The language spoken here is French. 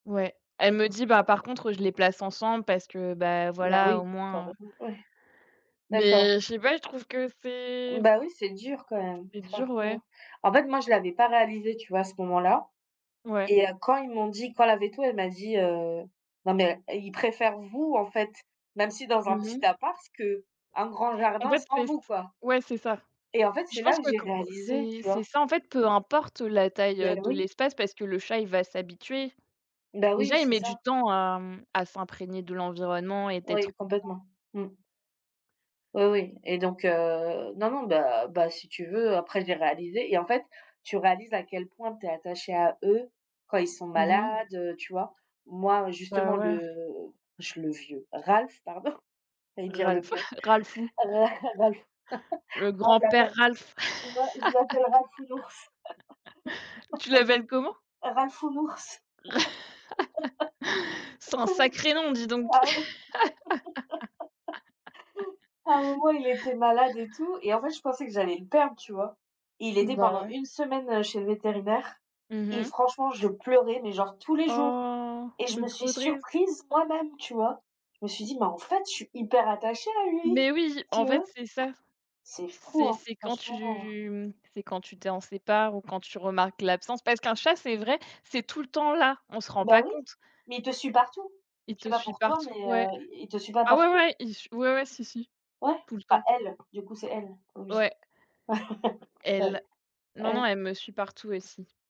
Ouais. Elle me dit: «Bah, par contre je les place ensemble parce que, bah, Bah voilà au oui, quand moins, heu» même, ouais. D'accord. Mais je sais pas, je trouve que c'est Bah oui, c'est dur quand même, c'est dur ouais. franchement. En fait, moi je l'avais pas réalisé, tu vois? À ce moment là Ouais. et heu, quand ils m'ont dit quand la véto elle m'a dit, heu: «Non mais heu, il préfère vous, en fait, même si dans un Mmh petit mh. appart, qu'un grand En jardin fait sans c'est ç vous quoi». ouais c'est ça. Et en fait, Je c'est là pense que pas j'ai quan réalisé, c'est tu c'est vois? ça en fait, peu importe la taille, Beh, heu, de oui. l'espace parce que le chat il va s'habituer. Beh, oui, Déjà, il c'est met ça. du temps à, mmh, à s'imprégner de l'environnement et d'être [unintelligible] Oui, ouais. complètement. Mmh. Oui, oui, et donc heu non, non, beh beh, si tu veux après, j'ai réalisé et en fait, tu réalises à quel point tu es attaché à eux, quand ils sont Mmh malades, mh. heu, tu vois? Moi, Bah, justement ouais. le je le vieux Ralph, pardon, j'allais dire le Ralph, vieux. Ralphoux. Ra Ralph Le Ralph en grand-père fait, Ralph! moi je l'appelle Ralphounours. Tu l'appelles comment? Ralphounours. C'est un sacré nom, dis donc. Ah ouais. À un moment, il était malade et tout et en fait je pensais que j'allais le perdre, tu vois? Il était Bah pendant ouais. 1 semaine, heu, chez le vétérinaire Mmh et mh. franchement je pleurais, mais genre tous les jours Oh. et je me C'est suis trop triste. surprise moi-même, tu vois? Je me suis dit: «Mais en fait, je suis hyper attachée à lui». Mais oui, en Tu vois? fait, c'est ça. C'est fou, C'est hein, c'est quand franchement. tu, mmh, c'est quand tu t'en sépares ou quand tu remarques l'absence parce qu'un chat c'est vrai, c'est tout le temps là, on se rend Bah pas oui, compte mais il te suit partout. il Je sais te pas suit pour toi mais partout, ouais. heu, il il te suit pas Ah ouais, partout? ouais, il j ouais, ouais, si, si, Ouais! tout le Enfin, temps. elle, du coup, c'est elle. Oui. Ouais. Ouais Elle. Non, non, ouais. elle me suit partout aussi.